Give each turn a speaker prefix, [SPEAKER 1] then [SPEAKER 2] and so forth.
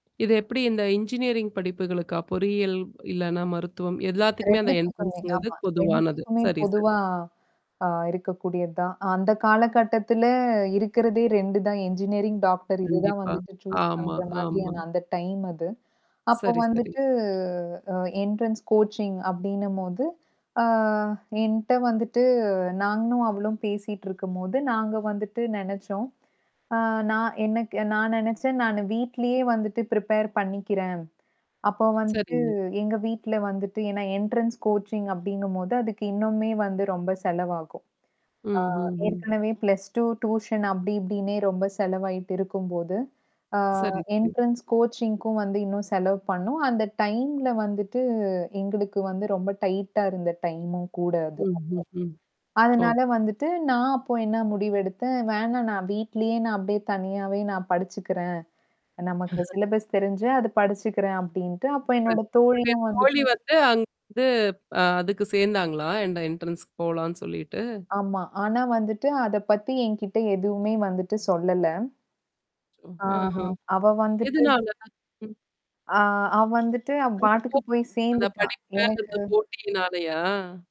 [SPEAKER 1] இது எப்படி? இந்த இன்ஜினியரிங் படிப்புகளுக்கா? பொறியியல், இல்லன்னா மருத்துவம் எல்லாத்துக்குமே அந்த
[SPEAKER 2] 2த்துக்குமே,
[SPEAKER 1] என்ட்ரன்ஸ்ங்கிறது
[SPEAKER 2] ஆமா.
[SPEAKER 1] பொதுவானது.
[SPEAKER 2] 2த்துக்குமே
[SPEAKER 1] சரி சரி.
[SPEAKER 2] பொதுவா. அ இருக்கக்கூடியது தான். அந்த காலகட்டத்துல இருக்கிறதே 2 தான் என்ஜினியரிங், டாக்டர் இதுதான்
[SPEAKER 1] கண்டிப்பா.
[SPEAKER 2] வந்துட்டு சூஸ்
[SPEAKER 1] ஆமா
[SPEAKER 2] பண்ற
[SPEAKER 1] ஆமா.
[SPEAKER 2] மாதிரியான அந்த டைம் அது. அப்போ
[SPEAKER 1] சரி சரி.
[SPEAKER 2] வந்துட்டு அ என்ட்ரன்ஸ் கோச்சிங் அப்டின்னம்போது ஆ என்ட்ட வந்துட்டு நானும் அவளும் பேசிட்டு இருக்கும்போது, நாங்க வந்துட்டு நெனச்சோம். அ நான் எனக்கு நான் நெனச்சேன், "நானு வீட்லயே வந்துட்டு ப்ரிப்பேர் பண்ணிக்கிறேன்." அப்போ வந்துட்டு
[SPEAKER 1] சரிங்க.
[SPEAKER 2] எங்க வீட்ல வந்துட்டு ஏன்னா என்ட்ரன்ஸ் கோச்சிங் அப்டிங்கும்போது, அதுக்கு இன்னமுமே வந்து ரொம்ப செலவாகும். ஆ
[SPEAKER 1] ம்ஹ்ஹ்ம்.
[SPEAKER 2] ஏற்கனவே +2 டியூஷன் அப்டி இப்டின்னே, ரொம்ப செலவாயிட்டு இருக்கும்போது, ஆ
[SPEAKER 1] சரி சரி.
[SPEAKER 2] என்ட்ரன்ஸ் கோச்சிங்க்கும் வந்து இன்னும் செலவு பண்ணனும் அந்த டைம்ல வந்துட்டு, எங்களுக்கு வந்து ரொம்ப டைட்டா இருந்த டைமும் கூட அது, அப்போ.
[SPEAKER 1] ம்ஹ். ஹ்ம். ஓ.
[SPEAKER 2] அதனால வந்துட்டு, நான் அப்போ என்னா முடிவு எடுத்தேன். "வேணாம் நான் வீட்லயே நான் அப்டியே தனியாவே நான் படிச்சுக்கிறேன். நமக்கு சிலபஸ் தெரிஞ்சு, அது படிச்சுக்கிறேன்." அப்படின்ட்டு அப்ப
[SPEAKER 1] இப்ப
[SPEAKER 2] என்னோட
[SPEAKER 1] உங்களுடைய
[SPEAKER 2] தோழியும் வந்து
[SPEAKER 1] தோழி வந்து, அங்க வந்து அ அதுக்கு சேந்தாங்களா? என்ட என்ட்ரன்ஸ்க்கு போலான்னு சொல்லிட்டு!
[SPEAKER 2] ஆமா. ஆனா வந்துட்டு, அத பத்தி என்கிட்ட எதுவுமே வந்துட்டு சொல்லல. ஆ
[SPEAKER 1] அஹம்.
[SPEAKER 2] அவ வந்துட்டு
[SPEAKER 1] எதுனால? ம்.
[SPEAKER 2] ஆ அவ வந்துட்டு அவ
[SPEAKER 1] அந்தப் போ
[SPEAKER 2] பாட்டுக்கு போய்
[SPEAKER 1] அந்த
[SPEAKER 2] சேந்துட்டா.
[SPEAKER 1] படிப்பே அந்த
[SPEAKER 2] எனக்கு
[SPEAKER 1] போட்டியினாலயா?